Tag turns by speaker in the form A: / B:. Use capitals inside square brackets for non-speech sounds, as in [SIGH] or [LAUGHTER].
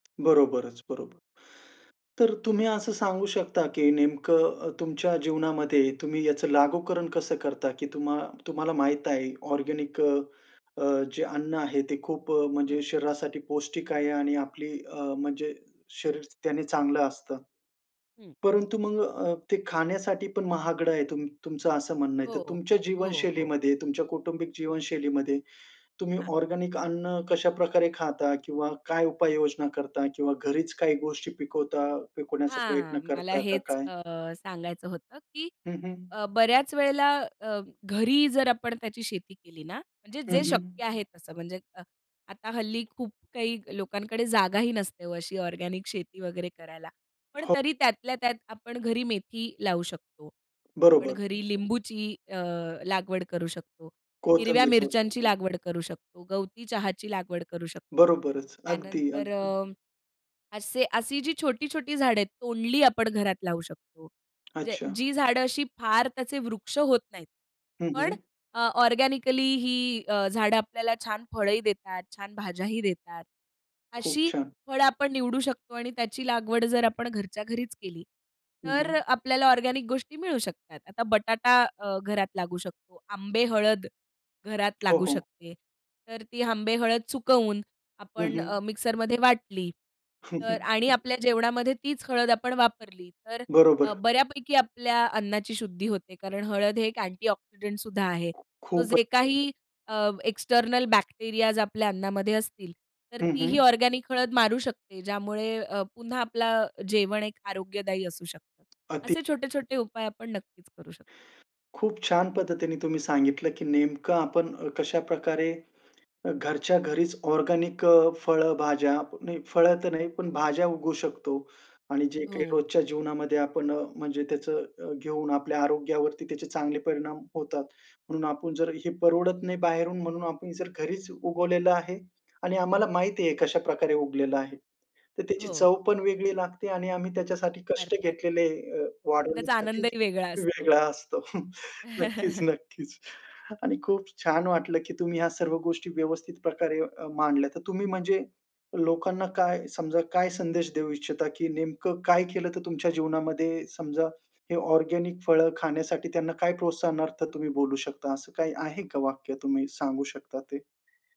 A: बरोबरच, बरोबर. तर तुम्ही असं सांगू शकता की नेमकं अ, तुमच्या जीवनामध्ये तुम्ही याचं लागूकरण कसं करता, की तुम्हा तुम्हाला माहित आहे ऑर्गेनिक अ, जे अन्न आहे ते खूप अ,
B: हं.
A: म्हणजे शरीरासाठी पौष्टिक आहे आणि आपली अ, म्हणजे शरीर त्याने चांगलं असतं.
B: हं.
A: परंतु मग अ, ते खाण्यासाठी पण महागडं आहे तुम तुमचं असं म्हणणं आहे. तर
B: हो.
A: तुमच्या
B: हो, हो.
A: जीवनशैलीमध्ये तुमच्या कौटुंबिक
B: हं.
A: जीवनशैलीमध्ये तुम्ही
B: हां.
A: ऑर्गेनिक अन्न कशाप्रकारे खाता? किंवा काय उपाययोजना करता? किंवा घरीच काही गोष्टी पिकवता, पिकवण्याचा प्रयत्न
B: हां. मला
A: करता का
B: हेच
A: काय?
B: अ, सांगायचं होतं की
A: हं, हं.
B: अ, बऱ्याच वेळेला अ, घरी जर आपण त्याची शेती केली ना म्हणजे
A: हं,
B: जे
A: हं.
B: शक्य आहे तसं म्हणजे अ, आता हल्ली खूप काही लोकांकडे जागाही नसते हो अशी ऑर्गेनिक शेती वगैरे करायला. पण
A: हो.
B: तरी त्यातल्या त्यात आपण घरी मेथी लावू शकतो. आपण
A: बरोबर.
B: घरी लिंबूची अ, लागवड करू शकतो. हिरव्या
A: कोथंबीर लावू
B: मिरच्यांची
A: शकतो.
B: लागवड करू शकतो. गवती चहाची लागवड करू शकतो.
A: बरोबरच. अगदी,
B: त्यानंतर
A: अगदी.
B: अ, असे अशी जी छोटी-छोटी झाडं आहेत, तोंडली आपण घरात लावू शकतो. म्हणजे
A: अच्छा.
B: जी झाडं अशी फार त्याचे वृक्ष होत नाहीत.
A: हं,
B: पण
A: हं.
B: अ, ऑर्गेनिकली ही अ, झाडं आपल्याला छान फळंही देतात, छान भाज्याही देतात.
A: खूप
B: अशी
A: छान.
B: फळं आपण निवडू शकतो आणि त्याची लागवड जर आपण घरच्या घरीच केली,
A: हं,
B: तर
A: हं.
B: आपल्याला ऑर्गेनिक गोष्टी मिळू शकतात. आता बटाटा अ, घरात लागू शकतो, आंबे हळद घरात
A: हो,
B: लागू
A: हो.
B: शकते. तर ती आंबे हळद सुकवून
A: हं,
B: आपण अ,
A: हं.
B: मिक्सरमध्ये वाटली. तर आणि
A: [CHUCKLES]
B: आपल्या जेवणामध्ये तीच हळद आपण वापरली तर अ,
A: बरोबर.
B: बऱ्यापैकी आपल्या अन्नाची शुद्धी होते, कारण हळद हे एक अँटीऑक्सिडंट सुद्धा आहे. तो
A: खूप आहे.
B: जे काही अ, एक्स्टर्नल बॅक्टेरियाज आपल्या अन्नामध्ये असतील तर
A: हं,
B: तीही
A: हं.
B: ऑर्गेनिक हळद मारू शकते ज्यामुळे अ, पुन्हा आपलं जेवण एक आरोग्यदायी असू शकतं.
A: अति.
B: असे छोटे-छोटे उपाय आपण नक्कीच करू शकतो.
A: खूप छान पद्धतीने तुम्ही सांगितलं, की नेमकं आपण अ, कशाप्रकारे घरच्या घरीच ऑर्गेनिक अ, फळंभाज्या. नाही, फळं तर नाही, पण भाज्या उगवू शकतो. आणि जे काही
B: हो.
A: रोजच्या जीवनामध्ये आपण अ, म्हणजे त्याचं घेऊन आपल्या आरोग्यावरती त्याचे चांगले परिणाम होतात. म्हणून आपण जर हे परवडत नाही बाहेरून म्हणून आपण जर घरीच उगवलेलं आहे आणि आम्हाला माहिती आहे कशाप्रकारे उगलेलं आहे. तर त्याची
B: हो.
A: चव पण वेगळी लागते आणि आम्ही त्याच्यासाठी कष्ट
B: अर्थात.
A: घेतलेले अ,
B: त्याचा
A: वाढवण्यासाठी
B: आनंदही वेगळा असतो.
A: वेगळा असतो. [CHUCKLES] नक्कीच,
B: [CHUCKLES]
A: नक्कीच. आणि खूप छान वाटलं की तुम्ही ह्या सर्व गोष्टी अ, व्यवस्थित प्रकारे मांडल्या तर तुम्ही म्हणजे लोकांना काय समजा काय संदेश देऊ इच्छिता की नेमकं काय केलं तर तुमच्या जीवनामध्ये समजा हे ऑर्गेनिक फळं खाण्यासाठी त्यांना काय प्रोत्साहनार्थ तुम्ही बोलू शकता असं काही आहे का वाक्य तुम्ही सांगू शकता ते?